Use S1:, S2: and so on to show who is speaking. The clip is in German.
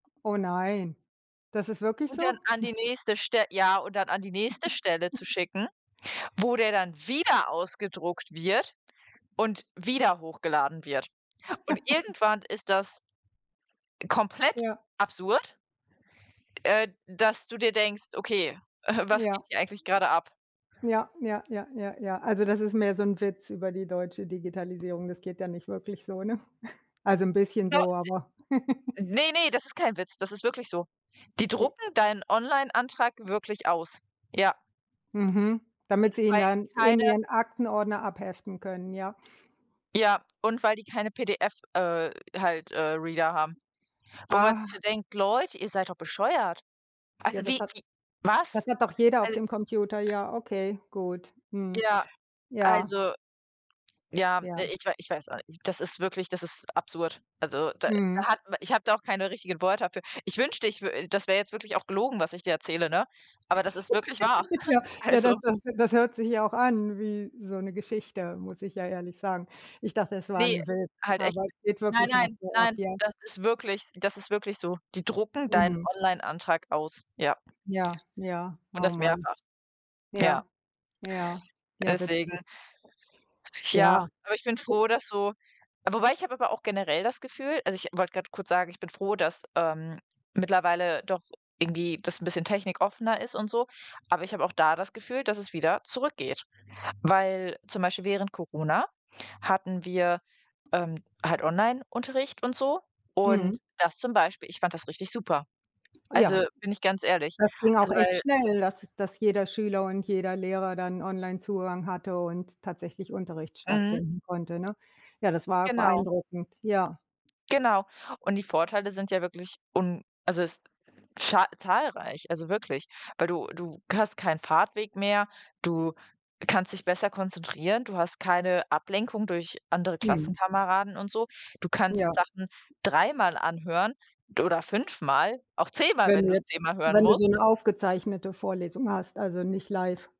S1: Oh nein, das ist wirklich
S2: Und dann
S1: so?
S2: an die nächste Stel ja, und dann an die nächste Stelle zu schicken, wo der dann wieder ausgedruckt wird und wieder hochgeladen wird und irgendwann ist das komplett
S1: Ja.
S2: absurd äh, dass du dir denkst: „Okay, äh, was
S1: Ja.
S2: geht hier eigentlich gerade ab?“
S1: Ja, ja, ja, ja, ja. Also das ist mehr so 'n Witz über die deutsche Digitalisierung. Das geht ja nicht wirklich so, ne? Also 'n bisschen
S2: Do
S1: so, aber.
S2: de Ne, ne, das ist kein Witz, das ist wirklich so. Die
S1: Wie?
S2: drucken deinen Online-Antrag wirklich aus. Ja.
S1: Mhm. Damit Sie ihn
S2: Weil
S1: dann
S2: die
S1: in
S2: keine
S1: ihren Aktenordner abheften können, ja.
S2: Ja, und weil die keine PDF, äh halt, äh, Reader haben. Wo man
S1: Ah.
S2: sich so denkt: „Leute, ihr seid doch bescheuert.“
S1: Ja,
S2: Also,
S1: das
S2: wie
S1: hat
S2: wie
S1: das
S2: was?
S1: hat doch jeder auf
S2: Al
S1: dem Computer, ja, okay, gut. Mhm.
S2: Ja,
S1: ja.
S2: also ja,
S1: Ja.
S2: ich äh, ich weiß auch nicht, das ist wirklich das ist absurd. Also da da
S1: Mhm.
S2: hat m ich habe da auch keine richtigen Worte dafür. Ich wünschte, ich w äh, das wäre jetzt wirklich auch gelogen, was ich dir erzähle, ne? Aber das ist wirklich wahr.
S1: Ja. Ja, das
S2: Also
S1: das das hört sich ja auch an wie so 'ne Geschichte, muss ich ja ehrlich sagen. Ich dachte, es war
S2: Ne,
S1: 'n Witz,
S2: halt echt
S1: aber es
S2: nicht.
S1: geht
S2: Nein,
S1: wirklich noch
S2: nein,
S1: so ab,
S2: nein,
S1: ja?
S2: das ist wirklich das ist wirklich so. Die drucken deinen
S1: Mhm.
S2: Online-Antrag aus, ja.
S1: Ja, ja,
S2: Und
S1: oh
S2: das
S1: Mann.
S2: mehrfach. Ja.
S1: Ja, ja, ja,
S2: Deswegen
S1: witzig.
S2: ja.
S1: Ja.
S2: Aber ich bin
S1: [unintelligible]
S2: froh, dass so wobei, ich habe aber auch generell das Gefühl also ich wollte gerade kurz sagen: „Ich bin froh, dass, ähm, mittlerweile doch irgendwie das 'n bisschen technikoffener ist und so.“ Aber ich habe auch da das Gefühl, dass es wieder zurückgeht, weil zum Beispiel während Corona hatten wir, ähm, halt Onlineunterricht und so und
S1: Mhm.
S2: das zum Beispiel ich fand das richtig super.
S1: Ja.
S2: Also, bin ich ganz ehrlich.
S1: Das ging auch
S2: Also,
S1: echt
S2: weil
S1: schnell, dass dass jeder Schüler und jeder Lehrer dann Online-Zugang hatte und tatsächlich Unterricht
S2: Mhm.
S1: stattfinden konnte, ne? Ja, das war
S2: Genau.
S1: beeindruckend, ja.
S2: Genau, und die Vorteile sind ja wirklich un also es za zahlreich, also wirklich. Weil du du hast keinen Fahrtweg mehr. Du kannst dich besser konzentrieren. Du hast keine Ablenkung durch andere
S1: Mhm.
S2: Klassenkameraden und so. Du
S1: Ja.
S2: kannst Sachen dreimal anhören oder fünfmal, auch zehnmal,
S1: Wenn
S2: wenn
S1: du
S2: du's
S1: jetzt
S2: zehnmal hören
S1: wenn du
S2: musst.
S1: so 'ne aufgezeichnete Vorlesung hast, also nicht live.